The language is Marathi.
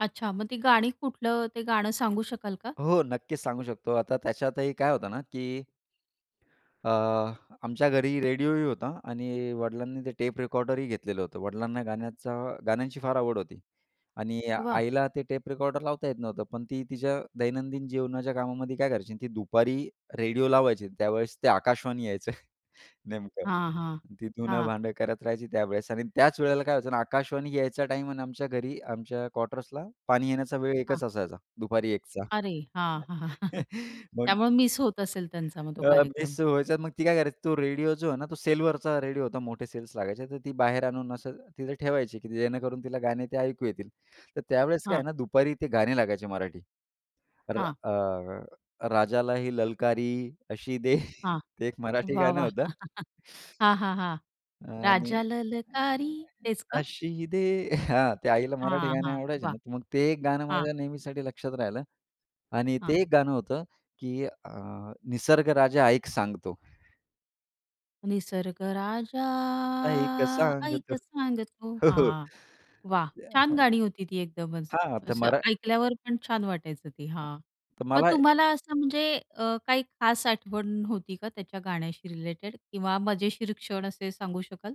अच्छा. मग ती गाणी कुठलं ते गाणं सांगू शकाल का? हो. नक्कीच सांगू शकतो. आता त्याच्यातही काय होतं ना, की अ, आमच्या घरी रेडिओही होता आणि वडिलांनी ते टेप रेकॉर्डरही घेतलेलं होतं. वडिलांना गाण्याचा गाण्यांची फार आवड होती आणि वाह! आईला ते टेप रेकॉर्डर लावता येत नव्हतं. पण ती तिच्या दैनंदिन जीवनाच्या कामामध्ये काय करायची? ती दुपारी रेडिओ लावायची आणि त्यावेळेस ते आकाशवाणी यायचं नेमकं. हां, हां, ती धुनं हां. भांडं करत राहायची त्यावेळेस आणि त्याच वेळेला काय व्हायचं ना, आकाशवाणी यायचा टाईम अन् आमच्या घरी आमच्या क्वार्टर्सला पाणी येण्याचा वेळ हां. एकच असायचा, दुपारी 1 चा. अरे! हां. मग त्यामुळे मिस होत असेल त्यांचा मग तो अ, कार्यक्रम. मिस व्हायच्या. मग ती काय करायची तो रेडिओ जो आहे ना, तो सेलवरचा रेडिओ होता मोठे सेल्स लागायचे. तर ती बाहेर आणून असं तिथे ठेवायची, की जेणेकरून तिला गाणे ते ऐकू येतील. तर त्यावेळेस काय हां. आहे ना, दुपारी ते गाणे लागायचे मराठी. तर हां. अ, राजाला ही ललकारी अशी दे, हां. ते एक मराठी वाह, गाणं वाह! होतं. हां, हां, हां. आणि "राजा ललकारी" तेच का? अशी दे. हां. त्या आईला मराठी हां, गाणे हां. आवडायचे वाह! ना. तर मग ते एक गाणं हां. माझ्या नेहमीसाठी लक्षात राहिलं आणि हां. ते एक गाणं होतं, की अ, निसर्ग राजा ऐक सांगतो. निसर्ग राजा ऐक सांगतो. आईक सांगतो. हो, हो. हां. वाह! ते छान हां, गाणी होती ती एकदमच. हां, तर असं मरा ऐकल्यावर पण छान वाटायचं ते हां, हां. तर मग मला तुम्हाला असं म्हणजे अ, काही खास आठवण होती का त्याच्या गाण्याशी रिलेटेड? किंवा मजेशीर क्षण असे सांगू शकाल?